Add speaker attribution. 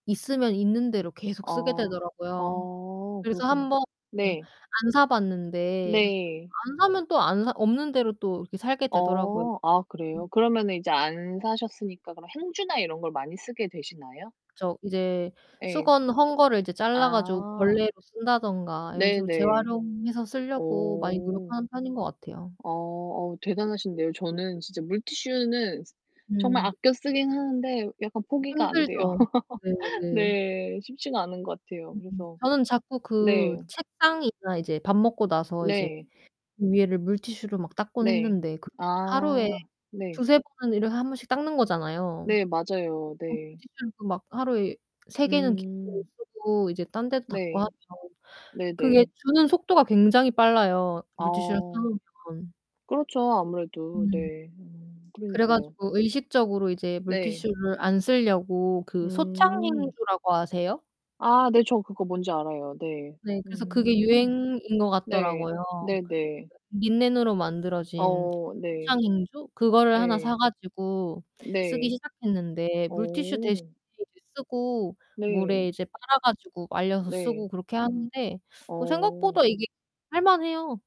Speaker 1: 있으면 있는 대로 계속 쓰게
Speaker 2: 어
Speaker 1: 되더라고요.
Speaker 2: 어
Speaker 1: 그래서
Speaker 2: 그렇구나.
Speaker 1: 한번
Speaker 2: 네.
Speaker 1: 안 사봤는데
Speaker 2: 네.
Speaker 1: 안 사면 또 안 사 없는 대로 또 이렇게 살게 되더라고요.
Speaker 2: 어. 아
Speaker 1: 음.
Speaker 2: 그래요? 그러면은 이제 안 사셨으니까 그럼 행주나 이런 걸 많이 쓰게 되시나요?
Speaker 1: 저 이제
Speaker 2: 예.
Speaker 1: 수건 헌 거를 이제 잘라 가지고
Speaker 2: 아.
Speaker 1: 걸레로 쓴다든가 이런 식으로
Speaker 2: 네네.
Speaker 1: 재활용해서 쓸려고 많이
Speaker 2: 어.
Speaker 1: 노력하는 편인 것 같아요.
Speaker 2: 어 어 대단하신데요. 저는 진짜 물티슈는 정말
Speaker 1: 음.
Speaker 2: 아껴 쓰긴 하는데 약간 포기가 안 돼요.
Speaker 1: 힘들죠. 네네.
Speaker 2: 네. 쉽지가 않은 것 같아요.
Speaker 1: 음
Speaker 2: 그래서
Speaker 1: 저는 자꾸
Speaker 2: 네.
Speaker 1: 그 책상이나 이제 밥 먹고 나서 이제
Speaker 2: 네.
Speaker 1: 위에를 물티슈로 막 닦곤
Speaker 2: 네.
Speaker 1: 했는데 그 하루에
Speaker 2: 아 네.
Speaker 1: 2-3 번은 이걸 1 번씩 닦는 거잖아요.
Speaker 2: 네, 맞아요.
Speaker 1: 그럼
Speaker 2: 네.
Speaker 1: 물티슈를 그 막 하루에 3 개는 기본으로
Speaker 2: 음.
Speaker 1: 쓰고 이제 딴 데도 닦고 하면
Speaker 2: 네.
Speaker 1: 그게
Speaker 2: 네네.
Speaker 1: 주는 속도가 굉장히 빨라요 물티슈를 사
Speaker 2: 아.
Speaker 1: 놓으면.
Speaker 2: 그렇죠 아무래도.
Speaker 1: 음.
Speaker 2: 네. 음.
Speaker 1: 그래
Speaker 2: 그러니까요.
Speaker 1: 가지고 의식적으로 이제
Speaker 2: 네.
Speaker 1: 물티슈를 안 쓸려고 그
Speaker 2: 음.
Speaker 1: 소창행주라고 아세요?
Speaker 2: 아 네, 저 그거 뭔지 알아요. 네.
Speaker 1: 네, 그래서 그게
Speaker 2: 음.
Speaker 1: 유행인 거
Speaker 2: 네.
Speaker 1: 같더라고요.
Speaker 2: 네네.
Speaker 1: 린넨으로 만들어진
Speaker 2: 어 네.
Speaker 1: 소창행주? 그거를 하나 사
Speaker 2: 예.
Speaker 1: 가지고 쓰기
Speaker 2: 네.
Speaker 1: 시작했는데, 물티슈 대신에
Speaker 2: 어.
Speaker 1: 이제 쓰고 물에
Speaker 2: 네.
Speaker 1: 이제 빨아 가지고 말려서
Speaker 2: 네.
Speaker 1: 쓰고 그렇게 하는데 뭐
Speaker 2: 어.
Speaker 1: 생각보다 이게 할만해요.